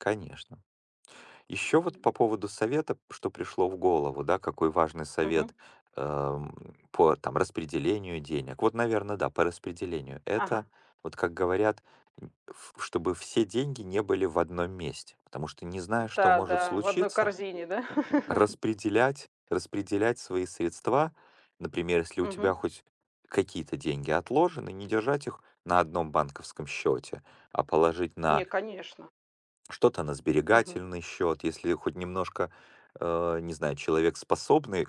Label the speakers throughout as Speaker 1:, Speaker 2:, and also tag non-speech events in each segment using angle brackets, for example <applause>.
Speaker 1: Конечно. Ещё вот по
Speaker 2: М.
Speaker 1: поводу совета, п что пришло в голову, да, какой важный
Speaker 2: Мгм.
Speaker 1: совет, ам, по э, там распределению денег. Вот, наверное, да, по распределению.
Speaker 2: Ага.
Speaker 1: Это, вот как говорят, м, ф ф чтобы все деньги не были в 1 месте, потому что не знаешь, что
Speaker 2: М-да,
Speaker 1: может
Speaker 2: да, в 1
Speaker 1: случиться,
Speaker 2: корзине, да? <chuckles>
Speaker 1: распределять, распределять свои средства, например, если у тебя
Speaker 2: Мгм.
Speaker 1: хоть какие-то деньги отложены, не держать их на 1 банковском счёте, а положить
Speaker 2: Не,
Speaker 1: на
Speaker 2: конечно.
Speaker 1: что-то на
Speaker 2: Мгм.
Speaker 1: сберегательный счёт, если хоть немножко, э, не знаю, человек способный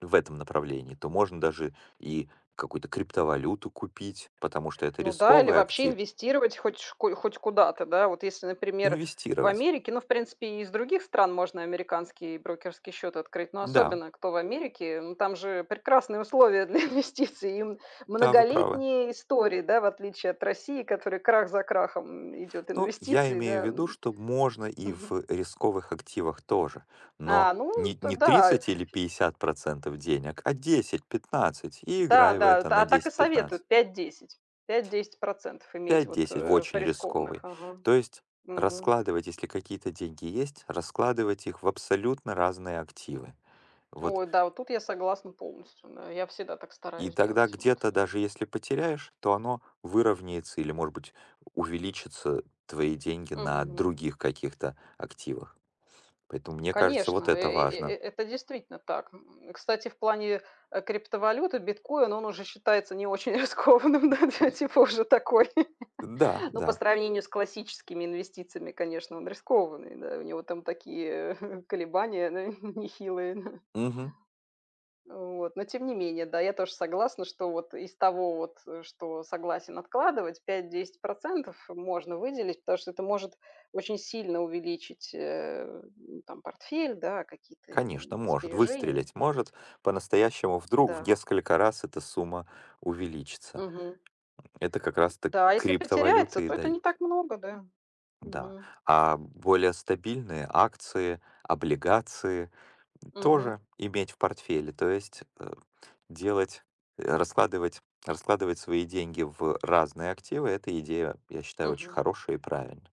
Speaker 1: в этом направлении, то можно даже и какую-то криптовалюту купить, потому что это
Speaker 2: Ну да, или
Speaker 1: рисковый
Speaker 2: вообще
Speaker 1: актив.
Speaker 2: инвестировать хоть ч хоть куда-то, да. Вот, если, например, в
Speaker 1: Инвестировать.
Speaker 2: Америке, ну, в принципе, и из других стран можно американский брокерский счет открыть, но
Speaker 1: Да.
Speaker 2: особенно, кто в Америке. Ну, там же прекрасные условия для инвестиций и мн
Speaker 1: Да, вы правы.
Speaker 2: многолетние истории, да, в отличии от России, которой крах за крахом, м, идет,
Speaker 1: Ну, я
Speaker 2: инвестиций,
Speaker 1: имею
Speaker 2: да,
Speaker 1: в виду,
Speaker 2: м.
Speaker 1: что можно и в
Speaker 2: Мгм.
Speaker 1: рисковых активах тоже. Но
Speaker 2: А, ну
Speaker 1: не
Speaker 2: это
Speaker 1: не
Speaker 2: да.
Speaker 1: 30 или 50 % денег, а 10-15 и
Speaker 2: Да,
Speaker 1: играй в
Speaker 2: да,
Speaker 1: это
Speaker 2: та
Speaker 1: на
Speaker 2: а так и
Speaker 1: 10-15.
Speaker 2: советуют 5-10, 5-10 % иметь вот,
Speaker 1: 5-10 в
Speaker 2: э, в
Speaker 1: очень
Speaker 2: рискованных.
Speaker 1: рисковый.
Speaker 2: Ага.
Speaker 1: То есть
Speaker 2: Мгм.
Speaker 1: раскладывать, если какие-то деньги есть, раскладывать их в абсолютно разные активы. Вот.
Speaker 2: Ой, да, вот тут я согласна полностью. Да. Я всегда так
Speaker 1: И
Speaker 2: стараюсь
Speaker 1: тогда
Speaker 2: делать. Вот,
Speaker 1: где-то
Speaker 2: э.
Speaker 1: даже если потеряешь, то оно выровняется или, может быть, увеличится твои деньги на
Speaker 2: Мгм.
Speaker 1: других каких-то активах, поэтому мне кажется вот
Speaker 2: Конечно, э
Speaker 1: это
Speaker 2: э э э
Speaker 1: важно.
Speaker 2: это действительно так. М, кстати, в плане, э, криптовалюты биткоин он уже считается не очень рискованным, ну да, типа, уже такой.
Speaker 1: Э, да,
Speaker 2: Ну, по
Speaker 1: да.
Speaker 2: сравнению с классическими инвестициями, конечно, он рискованный, да. У него там такие <chuckles> колебания, да, <chuckles> нехилые, да.
Speaker 1: Мгм.
Speaker 2: Вот. Но тем не менее, да, я тоже согласна, что вот из того вот, э, что согласен откладывать 5-10 % можно выделить, потому что это может очень сильно увеличить, э, ну там портфель, да, какие-то, э,
Speaker 1: Конечно,
Speaker 2: м,
Speaker 1: может
Speaker 2: сбережения.
Speaker 1: выстрелить, может по-настоящему вдруг в
Speaker 2: Да.
Speaker 1: несколько раз эта сумма увеличится.
Speaker 2: Мгм.
Speaker 1: Это как раз так
Speaker 2: Да, а если потеряется,
Speaker 1: криптовалюты и
Speaker 2: то это не
Speaker 1: дают.
Speaker 2: так много, да.
Speaker 1: Да,
Speaker 2: Мгм.
Speaker 1: а более стабильные акции, облигации, м,
Speaker 2: Мгм.
Speaker 1: тоже иметь в портфеле, то есть, э, делать, э, раскладывать раскладывать свои деньги в разные активы. Эта идея, я считаю, очень
Speaker 2: Мгм.
Speaker 1: хорошая и правильная.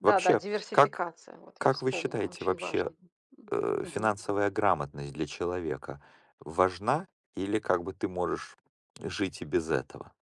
Speaker 2: Да, да,
Speaker 1: Вообще, как
Speaker 2: диверсификация вот, я
Speaker 1: как вы
Speaker 2: вспомнила,
Speaker 1: считаете,
Speaker 2: очень важно,
Speaker 1: вообще,
Speaker 2: м, м,
Speaker 1: э,
Speaker 2: мгм.
Speaker 1: финансовая грамотность для человека важна, или как бы ты можешь жить и без этого?